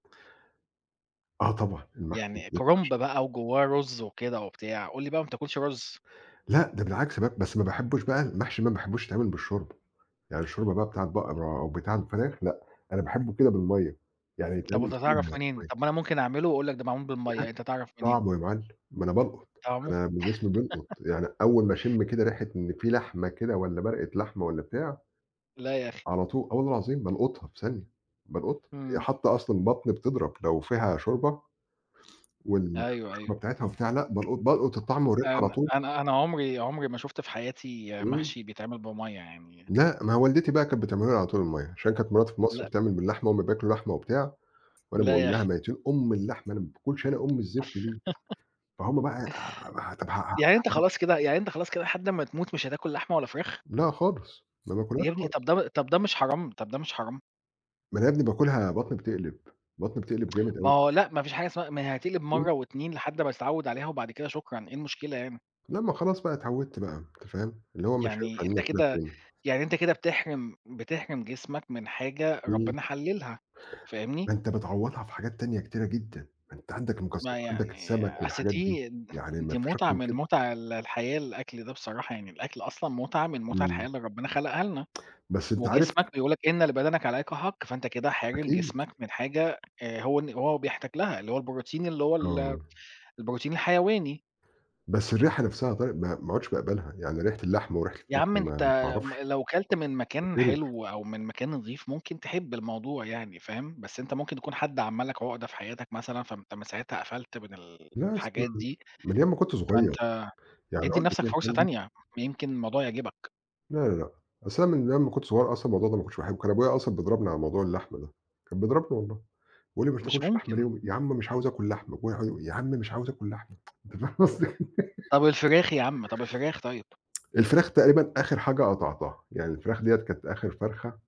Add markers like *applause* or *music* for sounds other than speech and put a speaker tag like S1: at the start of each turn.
S1: آه طبعًا المحشي.
S2: يعني كُرنب
S1: *unintelligible*
S2: بقى وجواه رز وكده وبتاع، قُل لي بقى ما بتاكلش رز.
S1: لأ، ده بالعكس بقى بس ما باحبش بقى المحشي ما باحبوش يتعمل بالشوربة، يعني الشوربة بقى بتاع البقرة أو بتاع الفراخ لأ، أنا باحبه كده بالمَيّة، يعني
S2: طَب
S1: يتعمل
S2: وأنت
S1: في
S2: هتعرف منين؟
S1: المَيّة.
S2: طَب ما أنا ممكن أعمله وأقول لك ده معمول
S1: *unintelligible*
S2: بالمَيّة، أنت هتعرف منين؟
S1: طعمه يا معلّم، ما أنا بالقُط،
S2: طعمه؟
S1: أنا من جسمي بيلقط،
S2: *laughs*
S1: يعني أوّل ما أشم كده ريحة إن في لحمة كده والّا مَرقة لحمة والّا بتاع
S2: لأ يا أخي.
S1: على طول، آه والله العظيم بَالقُطها في ثانية، بالقطها، ي
S2: امم.
S1: حتّى أصلًا البطن بتضرب لو فيها شوربة، وال
S2: أيوه، أيوه.
S1: والشوربة بتاعتها وبتاع لأ بَالقُط بَالقُط الطعم والريحة على
S2: أنا
S1: طول.
S2: أنا أنا عُمري عُمري ما شُفت في حياتي
S1: امم.
S2: محشي بيتعمل بمَيّة يعني
S1: لأ، ما هي والدتي بقى كانت بتعمله لي على طول المَيّة عشان كانت مراتي في مصر
S2: لأ.
S1: بتعمل باللحمة، هُم بياكلوا لحمة وبتاع، وأنا
S2: لا
S1: باقول
S2: يا
S1: لها
S2: أخي.
S1: ميتين أُم اللحمة أنا ما باكلش أنا أم الزفت دي،
S2: *laughs*
S1: فهُم بقى
S2: يعني أنت
S1: *unintelligible*
S2: خلاص كده يعني أنت خلاص كده لحد أمّا تموت مش هتاكل لحمة ولا فراخ؟
S1: لأ خالص، ما باكلهاش
S2: يا ابني
S1: خالص.
S2: طَب ده طَب ده مش حرام طَب ده مش حرام؟
S1: ما أنا يا ابني باكلها بطني بتقلب، بطني بتقلب
S2: *tsk*
S1: جامد
S2: ما
S1: أوي.
S2: هو لأ ما فيش حاجة اسمها ما هي هتيجي
S1: امم.
S2: بِمرّة و2 لحد ما هتتعود عليها وبعد كده شكرًا إيه المشكلة هنا؟
S1: لأ ما خلاص بقى اتعودت بقى أنت فاهم، اللي هو مش هينفع
S2: يعني
S1: إن أنا
S2: أنت
S1: آكلها
S2: كده
S1: تاني.
S2: يعني أنت كده بتحرِم بتحرِم جسمك من حاجة
S1: امم.
S2: ربنا حللها، فاهمني؟
S1: ما أنت بتعوضها في حاجات تانية كتيرة جدًا، ما أنت عندك المكسر
S2: ما
S1: وعندك
S2: يعني
S1: السمك
S2: أصل
S1: والحاجات دي،
S2: دي
S1: يعني ما
S2: دي
S1: فيش أكتر
S2: مُتعة
S1: من
S2: من
S1: كده.
S2: مُتع ال الحياة الأكل ده بصراحة يعني الأكل أصلًا مُتعة من مُتع الحياة
S1: امم.
S2: اللي ربنا خلقها لنا،
S1: *tsk* بس أنت عارف
S2: وجسمك بيقول لك إن لبدنك عليك حق، فأنت كده حارم
S1: أكيد.
S2: جسمك من حاجة آآ، هو إن هو بيحتاج لها اللي هو البروتين اللي هو ال
S1: آه.
S2: البروتين الحيواني.
S1: بس الريحة نفسها يا طارق ما ما عُدتش باقَبَلها يعني ريحة اللحمة وريحة
S2: يا
S1: الفراخ
S2: عم
S1: دي ما
S2: أنت
S1: ما
S2: م
S1: اعرفش.
S2: لو كلت من مكان
S1: باتقرف.
S2: حلو أو من مكان نضيف، ممكن تحب الموضوع يعني فاهم، بس أنت ممكن يكون حد عمل لك عُقدة في حياتك مثلًا فأنت من ساعتها قفلت من ال
S1: لأ أصل
S2: الحاجات دي،
S1: من أيام ما كُنت صغير،
S2: فأنت
S1: يعني
S2: ادِّي
S1: العقدة
S2: لنفْسك
S1: دِيَّة
S2: فرصة
S1: عندي
S2: تانية، ما يمكن الموضوع يعجبك!
S1: لا، لا، لأ، أصل أنا من أيّام ما كٌنت صغيّر أصلًا الموضوع ده ما كُنتش باحبه، كان أبويا أصلًا بيضربني على موضوع اللحمة ده، كان بيضربني والله، بيقول لي ما
S2: مش
S1: بتاكلش لحمة ليه
S2: ممكن.
S1: وم يا عم مش عاوز آكل لحمة ويقع يا عم مش عاوز آكل لحمة، *tsk* أنت فاهم قصدي؟
S2: طَب
S1: *laughs*
S2: الفراخ يا عم، طَب الفراخ طيّب؟
S1: الفراخ تقريبًا آخر حاجة قطعتها، يعني الفراخ ديّة كانت آخر فرخة